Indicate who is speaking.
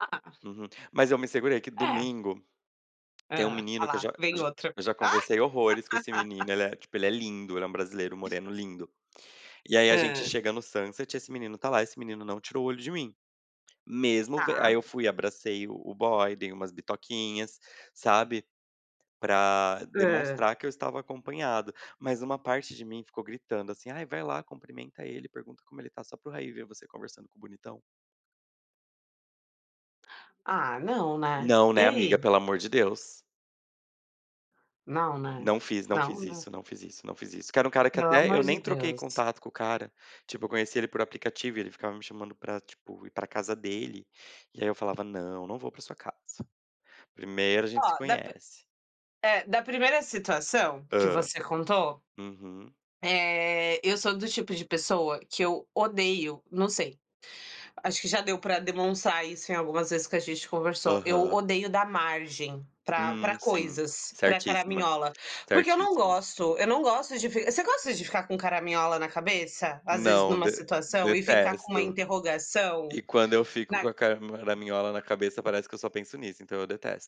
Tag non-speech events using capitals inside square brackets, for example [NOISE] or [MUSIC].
Speaker 1: Ah ah.
Speaker 2: Uhum. Mas eu me segurei que
Speaker 1: É.
Speaker 2: domingo, tem um
Speaker 1: Hã.
Speaker 2: menino que eu
Speaker 1: Alá,
Speaker 2: já
Speaker 1: vem
Speaker 2: já
Speaker 1: outro.
Speaker 2: já conversei horrores com esse
Speaker 1: [LAUGHS]
Speaker 2: menino, ele é, tipo, ele é lindo, ele é um brasileiro moreno, lindo. E aí a gente
Speaker 1: Hã.
Speaker 2: chega no Sunset, esse menino tá lá, esse menino não tirou o olho de mim. Mesmo ven aí
Speaker 1: Tá.
Speaker 2: eu fui e abracei o boy, dei umas bitoquinhas, sabe. Pra
Speaker 1: Hã.
Speaker 2: demonstrar que eu estava acompanhado, mas uma parte de mim ficou gritando assim: "Ai, vai lá cumprimenta ele, pergunta como ele está, só pro Raí ver você conversando com o bonitão.".
Speaker 1: Ah, não, né.
Speaker 2: Não,
Speaker 1: E
Speaker 2: né, amiga.
Speaker 1: aí?
Speaker 2: Pelo amor de Deus.
Speaker 1: Não, né.
Speaker 2: Não fiz. Não
Speaker 1: Não,
Speaker 2: fiz
Speaker 1: né.
Speaker 2: isso. Não fiz isso. Não fiz isso que era um cara que
Speaker 1: Pelo
Speaker 2: até
Speaker 1: amor
Speaker 2: eu
Speaker 1: de
Speaker 2: nem troquei
Speaker 1: Deus.
Speaker 2: contato com o cara, tipo, eu conheci ele por aplicativo e ele ficava me chamando pra, tipo, ir pra casa dele, e aí eu falava: "Não, não vou pra sua casa. Primeiro a gente se
Speaker 1: Ó, da pri
Speaker 2: conhece.".
Speaker 1: é, da primeira situação que
Speaker 2: Hã.
Speaker 1: você contou,
Speaker 2: Uhum.
Speaker 1: eh, eu sou do tipo de pessoa que eu odeio, não sei, acho que já deu pra demonstrar isso em algumas vezes que a gente conversou, eu
Speaker 2: Aham.
Speaker 1: odeio dar margem pra pra
Speaker 2: Hum, sim.
Speaker 1: coisas, pra
Speaker 2: Certíssima,
Speaker 1: caraminhola, porque eu não
Speaker 2: certíssimo.
Speaker 1: gosto, eu não gosto de fi você gosta de ficar com o caraminhola na cabeça? Às vezes
Speaker 2: Não,
Speaker 1: numa
Speaker 2: de
Speaker 1: situação e ficar com uma
Speaker 2: detesto.
Speaker 1: interrogação,
Speaker 2: E quando eu fico
Speaker 1: na
Speaker 2: com a caraminhola na cabeça, parece que eu só penso nisso, então eu detesto.